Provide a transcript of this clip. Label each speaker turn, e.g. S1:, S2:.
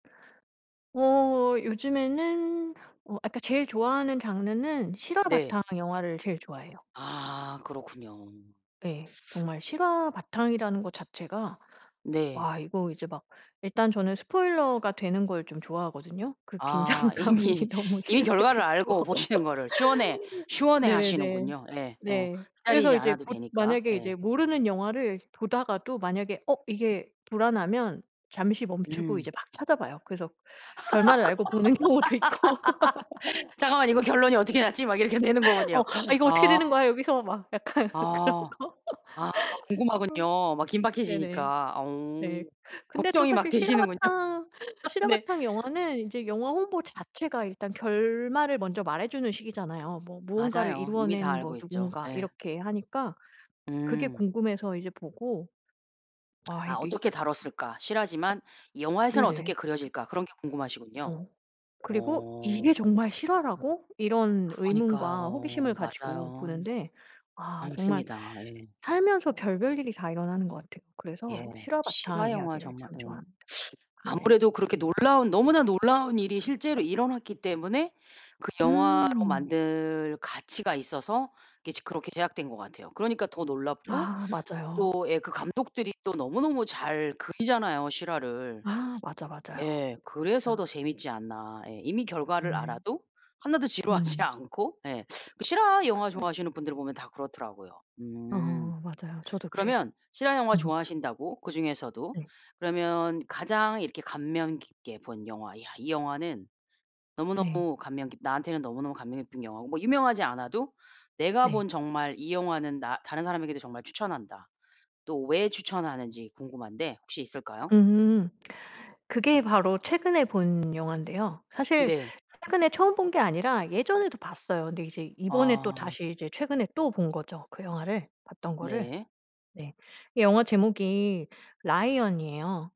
S1: 어 요즘에는 어 그니까 제일 좋아하는 장르는 실화
S2: 네.
S1: 바탕 영화를 제일 좋아해요.
S2: 아 그렇군요.
S1: 예. 정말 실화 바탕이라는 것 자체가
S2: 네.
S1: 와 이거 이제 막 일단 저는 스포일러가 되는 걸 좀 좋아하거든요. 그
S2: 아
S1: 긴장감이
S2: 이미
S1: 너무
S2: 이미
S1: 싫을
S2: 결과를
S1: 때도 있고.
S2: 알고 보시는 거를 시원해 시원해
S1: 네네네.
S2: 하시는군요. 예. 어
S1: 네. 그래서
S2: 기다리지
S1: 이제
S2: 않아도
S1: 보
S2: 되니까.
S1: 만약에 이제
S2: 예.
S1: 모르는 영화를 보다가도 만약에 어 이게 불안하면 잠시 멈추고 이제
S2: 음.
S1: 막 찾아봐요. 그래서 결말을 알고 보는 경우도 있고.
S2: '잠깐만 이거 결론이 어떻게 났지?' 막 이렇게 되는
S1: 어
S2: 거군요.
S1: '아 이거 어떻게
S2: 아.
S1: 되는 거야 여기서 막.' 약간 그런
S2: 아.
S1: 거.
S2: 아 막 궁금하군요. 막
S1: 네네.
S2: 긴박해지니까. 어
S1: 네. 근데 또
S2: 걱정이 막
S1: 사실
S2: 되시는군요.
S1: 실화바탕
S2: 네.
S1: 실화바탕 영화는 이제 영화 홍보 자체가 일단 결말을 먼저 말해주는 식이잖아요. '뭐 무언가를
S2: 맞아요. 이미 다
S1: 이루어낸 뭐
S2: 알고 있죠.
S1: 누군가.'
S2: 에.
S1: 이렇게 하니까 그게
S2: 음.
S1: 궁금해서 이제 보고 아
S2: '아
S1: 이게
S2: 어떻게 다뤘을까?', '실화지만 이 영화에서는 어떻게
S1: 네네.
S2: 그려질까?' 그런 게 궁금하시군요.
S1: 어 그리고
S2: 어.
S1: 이게 정말 실화라고? 이런 의문과 호기심을
S2: 그러니까요.
S1: 가지고
S2: 맞아요.
S1: 보는데 아 정말
S2: 맞습니다. 에.
S1: 살면서 별별 일이 다 일어나는 것 같아요.
S2: 예.
S1: 그래서 실화 바탕
S2: 실화영화
S1: 이야기를
S2: 정말
S1: 참
S2: 예.
S1: 좋아합니다. 네네.
S2: 아무래도 그렇게 놀라운 너무나 놀라운 일이 실제로 일어났기 때문에 그 영화로
S1: 음.
S2: 만들 가치가 있어서 그게 이제 그렇게 제작된 것 같아요. 그러니까 더 놀랍고
S1: 아 맞아요.
S2: 또 예 그 감독들이 또 너무너무 잘 그리잖아요 실화를.
S1: 아 맞아, 맞아요.
S2: 예 그래서
S1: 진짜.
S2: 더 재밌지 않나. 예. 이미 결과를
S1: 네네.
S2: 알아도 하나도 지루하지
S1: 음.
S2: 않고 예 그 실화 영화
S1: [unintelligible]
S2: 좋아하시는 분들을 보면 다 그렇더라고요.
S1: 어
S2: 음.
S1: 맞아요. 저도 그래요.
S2: 그러면 실화영화
S1: 음.
S2: 좋아하신다고 그중에서도
S1: 네.
S2: 그러면 가장 이렇게 감명 깊게 본 영화. '야, 이 영화는
S1: 네.
S2: 너무너무 감명 깊 나한테는 너무너무 감명 깊은 영화고 뭐 유명하지 않아도 내가
S1: 네.
S2: 본 정말 이 영화는 나 다른 사람에게도 정말 추천한다.' 또 왜 추천하는지 궁금한데 혹시 있을까요?
S1: 음. 그게 바로 최근에 본 영화인데요. 사실
S2: 네.
S1: 최근에 처음 본 게 아니라 예전에도 봤어요. 근데 이제 이번에 또
S2: 아.
S1: 다시 이제 최근에 또 본 거죠. 그 영화를 봤던 거를.
S2: 네.
S1: 네 이 영화 제목이 라이언이에요.